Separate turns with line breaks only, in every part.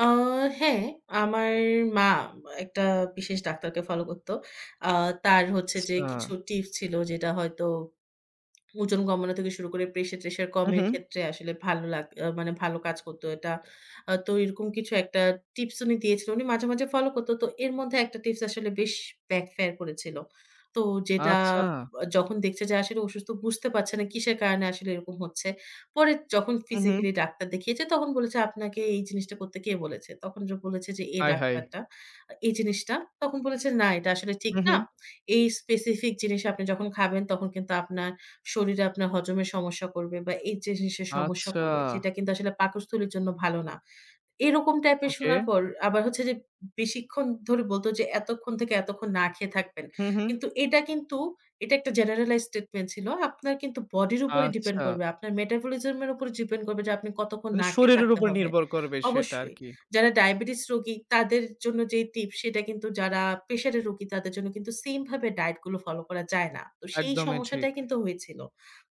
আ হ্যাঁ, আমার মা, একটা বিশেষ ডাক্তারকে ফলো করত। আ তার হচ্ছে যে, কিছু
আচ্ছা।
টিপস ছিল, যেটা হয়তো ওজন কমানো থেকে শুরু করে, প্রেশার-ট্রেশার
হু,
কমের
হুম।
ক্ষেত্রে আসলে ভালো লাগ আ মানে, ভালো কাজ করতো এটা। আ তো এরকম কিছু একটা টিপস উনি দিয়েছিল। উনি মাঝে, মাঝে ফলো করত। তো এর মধ্যে একটা টিপস আসলে, বেশ ব্যাক ফেয়ার করেছিল। তো যেটা
আচ্ছা।
যখন দেখছে যে, আসলে অসুস্থ, বুঝতে পারছে না কিসের কারণে আসলে এরকম হচ্ছে। পরে যখন
হু, হুম।
ফিজিক্যালি ডাক্তার দেখিয়েছে, তখন বলেছে, "আপনাকে এই জিনিসটা করতে কে বলেছে?" তখন জ বলেছে যে, "এই
আয়হায়!
ডাক্তারটা, এই জিনিসটা।" তখন বলেছে, "না, এটা আসলে ঠিক
হু,
না।
হু।
এই স্পেসিফিক জিনিস আপনি যখন খাবেন, তখন কিন্তু আপনার শরীরে আপনার হজমের সমস্যা করবে, বা এই জিনিসের সমস্যা
আচ্ছা।
করবে। যেটা কিন্তু আসলে পাকস্থলীর জন্য ভালো না।" এরকম টাইপের
ওকে।
শোনার পর, আবার হচ্ছে যে, বেশিক্ষণ ধরে বলত যে, "এতক্ষণ থেকে এতক্ষণ না খেয়ে থাকবেন।"
হু, হু।
কিন্তু, এটা কিন্তু এটা একটা জেনারেলাইজড স্টেটমেন্ট ছিল। আপনার কিন্তু বডির উপরে ডিপেন্ড
আচ্ছা।
করবে। আপনার মেটাবলিজম এর উপর ডিপেন্ড করবে যে, আপনি কতক্ষণ
মানে,
না খেয়ে
শরীরের
থাকতে
উপর
হবে।
নির্ভর করবে, সেটা
অবশ্যই।
আরকি।
যারা ডায়াবেটিস রোগী তাদের জন্য যেই টিপস, সেইটা কিন্তু যারা প্রেশারের রোগী, তাদের জন্য কিন্তু সেইম ভাবে ডায়েট গুলো ফলো করা যায় না। তো, সেই
একদমই ঠিক।
সমস্যাটাই কিন্তু হয়েছিল।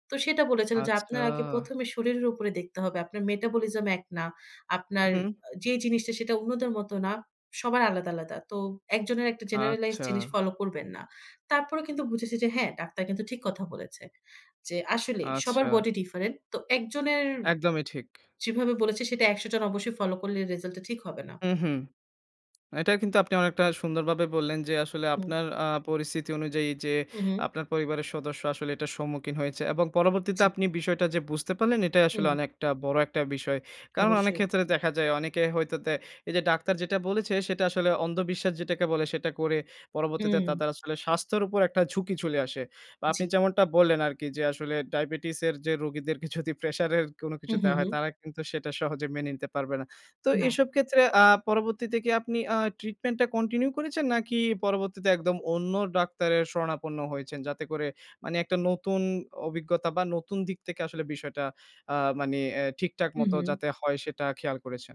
তো সেটা বলেছিল যে,
আচ্ছা।
"আপনার আগে ১ম এ শরীরের উপরে দেখতে হবে। আপনার মেটাবলিজম এক না।
হু,
আপনার
হুম।
আ যেই জিনিসটা সেটা অন্যদের মত না। সবার আলাদা, আলাদা। তো, একজনের একটা জেনারালাইজড
আচ্ছা।
জিনিস ফলো করবেন না।" তারপরেও কিন্তু বুঝেছি যে হ্যাঁ, ডাক্তার কিন্তু ঠিক কথা বলেছে। যে আসলেই, সবার
আচ্ছা।
Body different. তো, একজনের
একদমই ঠিক।
যেভাবে বলেছে, সেটা ১০০ জন অবশ্যই ফলো করলে, রেজাল্টটা ঠিক হবে না।
হু, হু। এটা কিন্তু আপনি অনেকটা সুন্দরভাবে বললেন যে, আসলে
হুম।
আপনার আ পরিস্থিতি অনুযায়ী, যে
হু, হুম।
আপনার পরিবারের সদস্য আসলে এটার সম্মুখীন হয়েছে। এবং পরবর্তীতে
জ্বী।
আপনি বিষয়টা যে বুঝতে পারলেন, এটাই আসলে
হুম।
অনেকটা বড় একটা বিষয়। কারণ, অনেক
অবশ্যই।
ক্ষেত্রে দেখা যায়, অনেকে হয়তো দে এইযে ডাক্তার যেটা বলেছে, সেটা আসলে অন্ধ বিশ্বাস যেটাকে বলে, সেটা করে, পরবর্তীতে
হুম।
তাদের আসলে স্বাস্থ্যের উপর একটা ঝুঁকি চলে আসে। বা আপনি
জ্বী।
যেমনটা বললেন আরকি যে, আসলে ডায়াবেটিস এর যে রোগীদেরকে যদি প্রেশার এর কোনো কিছু
হুম, হুম,
দেওয়া হয়,
হুম।
তারা কিন্তু সেটা সহজে মেনে নিতে পারবে না। তো
না।
এসব ক্ষেত্রে আ পরবর্তীতে কি আপনি আ ট্রিটমেন্টটা কন্টিনিউ করেছেন? নাকি পরবর্তীতে একদম অন্য ডাক্তারের শরণাপন্ন হয়েছেন, যাতে করে, মানে একটা নতুন অভিজ্ঞতা বা নতুন দিক থেকে আসলে বিষয়টা আ মানে এ ঠিকঠাক
হুম,
মতো
হুম।
যাতে হয়, সেটা খেয়াল করেছেন?